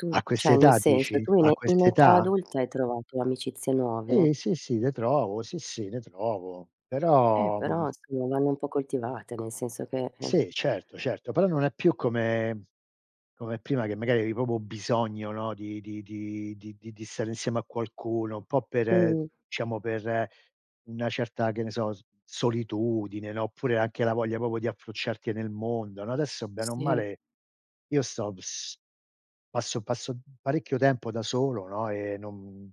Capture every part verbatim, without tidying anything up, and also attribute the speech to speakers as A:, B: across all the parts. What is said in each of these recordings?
A: Tu
B: A
A: ceh nel
B: quest'età
A: senso,
B: dici?
A: tu
B: A
A: in in età
B: quest'età?
A: adulta hai trovato amicizie
B: Sì,
A: nuove?
B: sì, sì, le trovo. Sì, sì, le trovo.
A: Eh
B: Però mhmm
A: però, insomma vanno un po' coltivate, nel senso che eh
B: Sì certo, certo. Però non è più come come prima che magari eri propo bisogno, no, di di di di di stare insieme a qualcuno, un po' per
A: Mh.
B: ciamo per una certa che ne so, s solitudine, no, oppure, anche la voglia propio di approcciarti nel mondo, no, adesso bene o
A: Sì.
B: male, io sto bs passo passo parecchio tempo da solo, no e non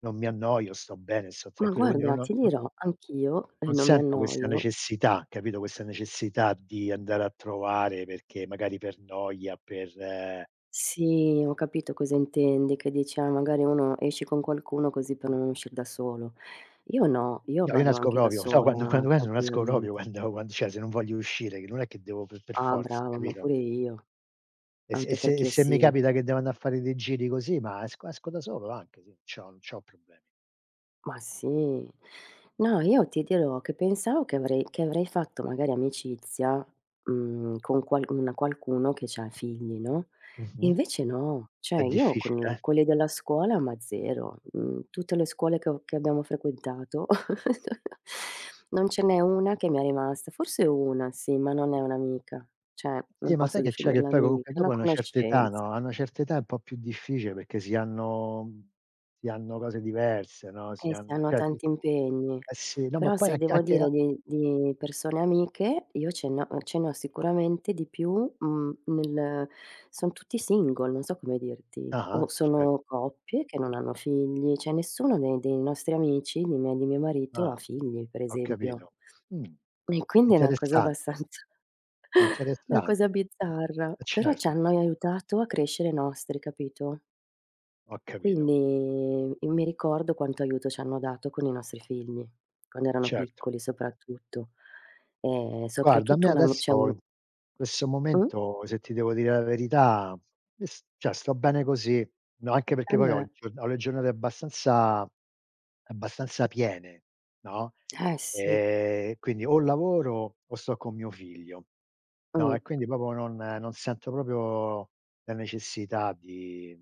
B: non mi annoio, sto bene, sto
A: Ma
B: tranquillo, quindi no
A: guarda
B: no
A: ti
B: no
A: dirò, anch'io e
B: non
A: non mi
B: sento questa
A: annoio
B: necessità, capito, questa necessità di andare a trovare perché magari per noia, per
A: Sì, ho capito cosa intendi, che dici: "Ah, magari uno esce con qualcuno così per non uscire da solo." Io no, io
B: No io
A: vado
B: nesco
A: anche da
B: propio. So quando
A: sola
B: [unintelligible] non esco
A: tranquillamente.
B: propio quando quando cie, se non voglio uscire, che non è che devo per per
A: Ah
B: forza
A: bravo, ma
B: capito?
A: pure io.
B: E se e
A: Anche
B: se e
A: perché
B: se mi
A: sì
B: capita che devo anda a fare dei giri così, ma esco esco da solo anche, sì. C'ho non c'ho problemi.
A: Ma sì. No, io ti dirò, che pensavo che avrei che avrei fatto magari amicizia, mhmm, con qual una qualcuno che c'ha figli, no?
B: Mh-mh.
A: Invece no.
B: È
A: ciue, io
B: difficile,
A: con
B: eh.
A: quelli della scuola ma zero. Mhmm, tutte le scuole che ho che abbiamo frequentato, non ce n'è una che mi è rimasta. Forse una, sì ma non è un'amica, cie,
B: Sì,
A: non
B: ma sai
A: posso
B: che c'è, che
A: definirla
B: poi
A: amica,
B: comunque
A: una
B: dopo una certa età,
A: conoscenza.
B: no, a una certa età è un po' più difficile, perché si hanno si hanno cose diverse, no, si
A: Eh si
B: hanno
A: hanno
B: [unintelligible]
A: tanti impegni.
B: Eh sì. No, ma
A: Però,
B: poi
A: se
B: anche
A: devo
B: anche a
A: dire di di persone amiche, io ce ne ho ce ne ho sicuramente di più, mhmm nel sono tutti single, non so come dirti.
B: Ah-ah,
A: O
B: cer.
A: sono coppie che non hanno figli, cie nessuno dei dei nostri amici, nè miei nè mio marito ha
B: Ah.
A: figli, per
B: Ho
A: esempio.
B: capito. Mh.
A: E quindi è una cosa
B: Interessante.
A: abbastanza, una
B: Interessante.
A: cosa bizzarra.
B: Eh
A: Però, ci
B: certo.
A: hanno aiutato a crescere i nostri, capito?
B: Ho capito.
A: Quindi, io mi ricordo quanto aiuto ci hanno dato con i nostri figli, quando erano
B: Certo.
A: piccoli soprattutto. E
B: Guarda, a me
A: soprattutto una ami c'è
B: adesso,
A: u
B: in questo
A: Mh?
B: momento, se ti devo dire la verità, io s cie, sto bene così. No, anche perché
A: Eh,
B: poi ho
A: beh.
B: giorna ho le giornate abbastanza abbastanza piene, no,
A: Eh, sì.
B: e quindi o lavoro o sto con mio figlio. No, e
A: Mh.
B: quindi propio non non sento popio la necessità di